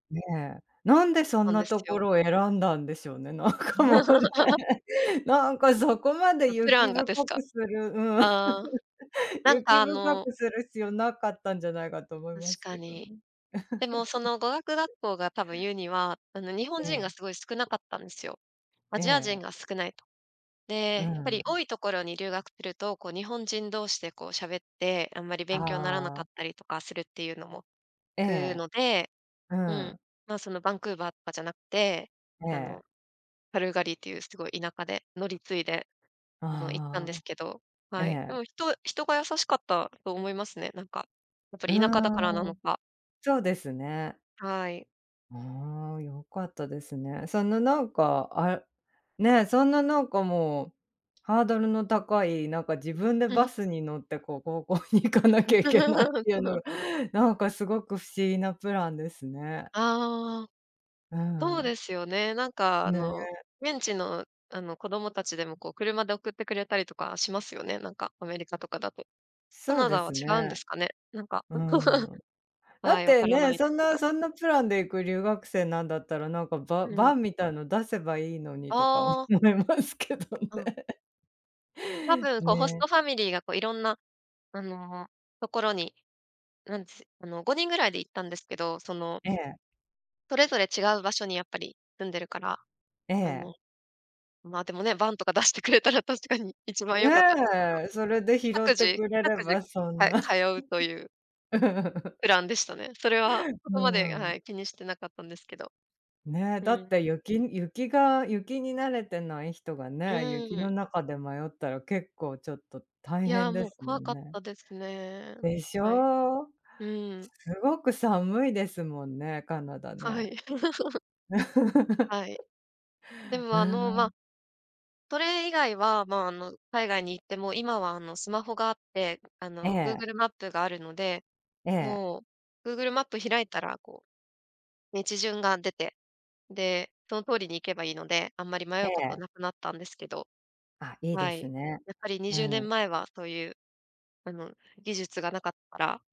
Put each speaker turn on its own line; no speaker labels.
ねえ、なんでそ
な
ん
ん
な
です
とこ
よ。
ろを選んだんでしょうね、なんかもうね。なんかそこまで
う、プラ
雪
ンが
深
ですか？
くする、うん。
ああ。なん
雪
かあ
深
の
くする必要なかったんじゃないかと思い
確
ます
か
けど
に。
ね。
でもそ の語学学校が多分言うには、あの日本
え
人が
え。
すごい少なかったんですよ。ア
え
ジア人
え。
が少ないと。
う
で、やっぱり
ん。
多いところに留学するとこう日本人同士でこう喋ってあんまり
あ
勉強にならなか
あ。
ったりとかするっていうのも、
え
聞く
え。
ので。
う
うん、
ん。
ま、そのバンクーバーとかじゃなくて、
え
あ
え。
のカルガリーっていうすごい田舎で乗り継いで。あの行ったん
あ
ですけど、
あ、え
はい。で
え。
も人人が優しかったと思いますね。なんか。やっぱ
う
り田舎だからな
ー
の
ん、
か。
そうですね。
はい。
ああ、よかったですね。そんななんか、あ、ね、そんななんかもう、ハードルの高い、なんか自分でバ スに乗ってこう高校に行かなきゃいけないっ ていうの
うん。
が。なんかすごく不思議なプランですね。
ああ。
う
そう
ん。
ですよね。なんかあの
ね。
現地のあの子供達でもこう車で送ってくれたりとかしますよね。なんかアメリカとかだと。カ
そう
ナ
で
ダは
す
違うんで
ね。
すかね。なんか。
う ん。だ
は
っ
い、分
て
からな
ね、
いで
そ
す
ん
け
な
ど。
そんなプランで行く留学生なんだったら、なんかバ
うん。
バンみたいの出せばいいのにとか思
ああ。
いますけどね。
うん。
ね。
多分こうホス
ねえ。
トファミリーがこう色んなあのところに、なんですあの5人ぐらいで行ったんですけど、その
ええ。
それぞれ違う場所にやっぱり住んでるから。
え
あの、
え。
までもね、バンとか出してくれたら確かに1番良かったですけど。
ね、それで拾っ
各
て
自
くれれ
各自
ばそん
か通
な。
うという。プランでしたね。それはそ
う
こまで、
ん。
はい、気にしてなかったんですけど。
ねえ、
う
だっ
ん。
て雪雪が雪に慣れてない人が
う
ね。雪の
ん。
中で迷ったら結構ちょっと大
いや、
変で
もう
すも
怖
ん
かっ
ね。
たですね。
でし
はい、
ょ。
うん。
すごく寒いですもんね、カナダ
は
ね。
い。はい。で
う
もあの、ま
ん。
あ。それ以外は、まあの海外に行っても、今はあのスマホがあって、あ
え
のグー
え。
グルマップがあるので。
ええ。
もうグーグルマップを開いたら、こう、道順が出て、で、その通りに行けばいいので。あんまり迷
え
うこと
え。
なくなったんですけど。
あ、いいで
はい、
すね、
やっぱりに
う
じゅうねん
ん。
前はそういう、あの技術がなかったら。